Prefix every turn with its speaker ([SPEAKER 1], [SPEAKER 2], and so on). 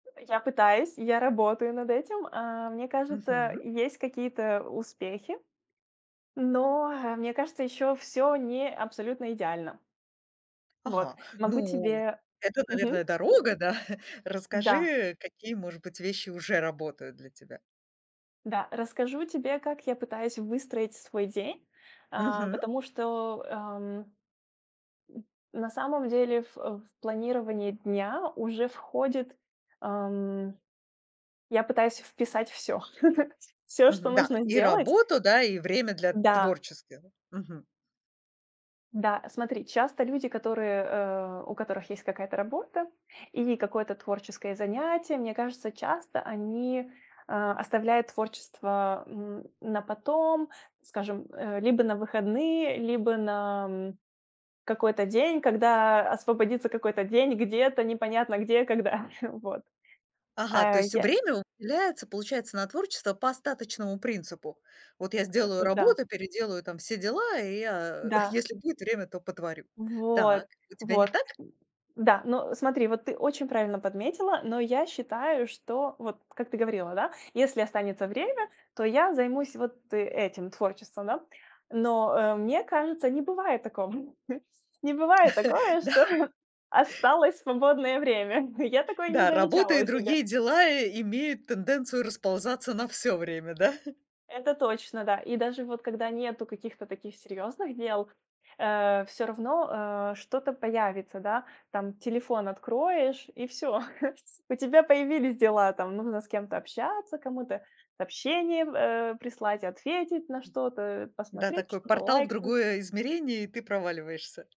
[SPEAKER 1] Э, я пытаюсь, я работаю над этим. А, мне кажется,
[SPEAKER 2] Мгм.
[SPEAKER 1] есть какие-то успехи, но, ха, мне кажется, еще всё не абсолютно идеально. Вот.
[SPEAKER 2] Ага.
[SPEAKER 1] Могу
[SPEAKER 2] Ну,
[SPEAKER 1] тебе
[SPEAKER 2] это, наверное,
[SPEAKER 1] Мгм.
[SPEAKER 2] дорога, да?
[SPEAKER 1] Да.
[SPEAKER 2] Расскажи, какие может быть вещи уже работают для тебя.
[SPEAKER 1] Да. Расскажу тебе как я пытаюсь выстроить свой день, а,
[SPEAKER 2] Мгм.
[SPEAKER 1] потому что, ам, м, на самом деле, в, э, в планирование дня уже входит, ам я пытаюсь вписать всё. Всё, что
[SPEAKER 2] Мгм, да,
[SPEAKER 1] нужно
[SPEAKER 2] и
[SPEAKER 1] сделать
[SPEAKER 2] работу, да, и время для
[SPEAKER 1] Да.
[SPEAKER 2] творческих, мгм.
[SPEAKER 1] Да. Смотри, часто люди, которые, э, у которых есть какая-то работа или какое-то творческое занятие, мне кажется, часто они, э, оставляют творчество, м, на потом, скажем, э, либо на выходные, либо на, м, какой-то день, когда освободится какой-то день где-то, непонятно где, когда. Вот.
[SPEAKER 2] Ага, то
[SPEAKER 1] А
[SPEAKER 2] есть
[SPEAKER 1] я
[SPEAKER 2] время уделяется, получается, на творчество по остаточному принципу. Вот я сделаю
[SPEAKER 1] Это, да.
[SPEAKER 2] работу, переделаю там все дела, и я,
[SPEAKER 1] Да.
[SPEAKER 2] если будет время, то потворю.
[SPEAKER 1] Вот,
[SPEAKER 2] Так. У тебя не
[SPEAKER 1] вот.
[SPEAKER 2] так?
[SPEAKER 1] Да, ну, смотри, вот ты очень правильно подметила. Но я считаю, что вот как ты говорила, да, если останется время, то я займусь вот этим творчеством, да. Но, э, мне кажется, не бывает такого не бывает такое,
[SPEAKER 2] Да.
[SPEAKER 1] что осталось свободное время. Я такое не
[SPEAKER 2] Да, работа
[SPEAKER 1] замечала
[SPEAKER 2] и
[SPEAKER 1] у себя.
[SPEAKER 2] другие дела имеют тенденцию расползаться на всё время, да?
[SPEAKER 1] Это точно, да. И даже вот когда нету каких-то таких серьезных дел, э, всё равно, э, что-то появится, да. Там телефон откроешь- и всё. У тебя появились дела: там, нужно с кем-то общаться, кому-то сообщение в, э, прислать, ответить на что-то, э,
[SPEAKER 2] Да,
[SPEAKER 1] посмотреть,
[SPEAKER 2] такой
[SPEAKER 1] что-то
[SPEAKER 2] портал в
[SPEAKER 1] лайкнуть
[SPEAKER 2] другое измерение, и ты проваливаешься.